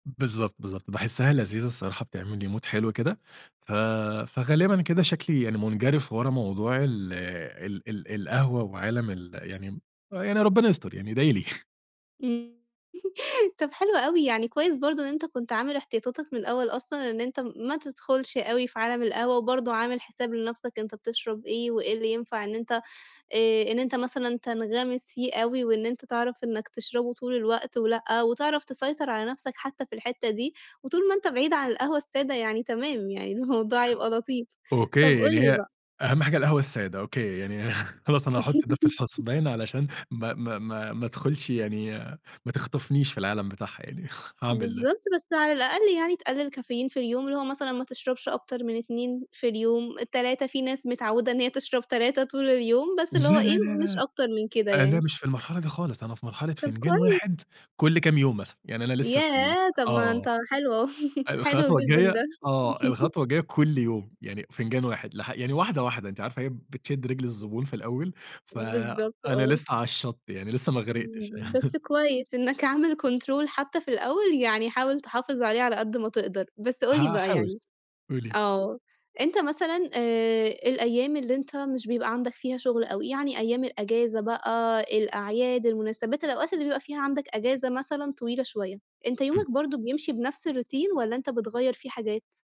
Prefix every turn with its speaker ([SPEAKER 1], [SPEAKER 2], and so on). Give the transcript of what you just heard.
[SPEAKER 1] بالضبط، بالضبط، باحسّها لذيذه الصراحة بتعمل لي Mood حلو كده، ف فغالبًا كده شكلي يعني مُنجَرِف ورا موضوع ال ال ال القهوة، وعالم ال يعني يعني ربنا يستر، يعني ادعِ لي.
[SPEAKER 2] إمم، طب حلو أوي، يعني كويس برضه إن أنت كنت عامل احتياطاتك من الأول أصلًا إن أنت م ما تُدخُلش أوي في عالم القهوة، وبرضه عامل حساب لنفْسك أنت بتشرب إيه، وإيه اللي ينفع إن أنت آآ إن أنت مثلًا تنغَمِس فيه أوي، وإن أنت تعرف إنك تشربه طول الوقت ولأ، وتعرف تسيطر على نفْسك حتّى في الحتّة دي، وطول ما أنت بعيد عن القهوة السادة يعني تمام، يعني الموضوع هيبقى لطيف، طب
[SPEAKER 1] أوكي
[SPEAKER 2] قُل
[SPEAKER 1] يعني
[SPEAKER 2] لي
[SPEAKER 1] هي
[SPEAKER 2] بقى
[SPEAKER 1] أهم حاجة القهوة الساده أوكي، يعني خلاص أنا هاحط ده في الحسبان علشان ما ما ما ما ادخلشِ يعني، ما تخطفنيش في العالم بتاعها يعني، هاعمل ده.
[SPEAKER 2] بالضبط بس على الأقل يعني تقَلِّل كافيين في اليوم، اللي هو مثلًا ما تشربش أكتر من 2 في اليوم، 3، في ناس متعودة إن هي تشرب 3 طول اليوم، بس
[SPEAKER 1] لا،
[SPEAKER 2] اللي هو إيه،
[SPEAKER 1] لا، لا،
[SPEAKER 2] مش
[SPEAKER 1] لأ،
[SPEAKER 2] أكتر من كده
[SPEAKER 1] أنا
[SPEAKER 2] يعني.
[SPEAKER 1] مش في المرحلة دي خالص، أنا في مرحلة
[SPEAKER 2] طب
[SPEAKER 1] فنجان
[SPEAKER 2] كويس.
[SPEAKER 1] 1 كلّ كام يوم مثلًا، يعني أنا لسّه في ال
[SPEAKER 2] ياه! طب ما
[SPEAKER 1] آه،
[SPEAKER 2] أنت حلو أهو، حلو
[SPEAKER 1] الخطوة
[SPEAKER 2] جدًا
[SPEAKER 1] الجاية
[SPEAKER 2] ده.
[SPEAKER 1] آه الخطوة الجاية كلّ يوم، يعني فنجان 1 لـح يعني واحدة، واحدة أنتِ عارفة هي بتشد رجل الزبون في الأول،
[SPEAKER 2] بالضبط
[SPEAKER 1] فأنا
[SPEAKER 2] آه.
[SPEAKER 1] لسّه علي الشط يعني، لسّه ما غرِقتِش.
[SPEAKER 2] إمم، بس كويس إنك عامل Control، حتّى في الأول يعني حاول تحافظ عليه على قد ما تقدر، بس قُل لي بقى
[SPEAKER 1] هاحاول،
[SPEAKER 2] يعني
[SPEAKER 1] قولي لي.
[SPEAKER 2] آه أنت مثلًا آآ الأيام اللي أنت مش بيبقى عندك فيها شغل، أوي يعني أيام الإجازة بقى، الأعياد، المناسبات، الأوقات اللي بيبقى فيها عندك إجازة مثلًا طويلة شوية، أنت
[SPEAKER 1] إمم.
[SPEAKER 2] يومك برضه بيمشي بنفْس الRoutine، والّا أنت بتغيَّر فيه حاجات؟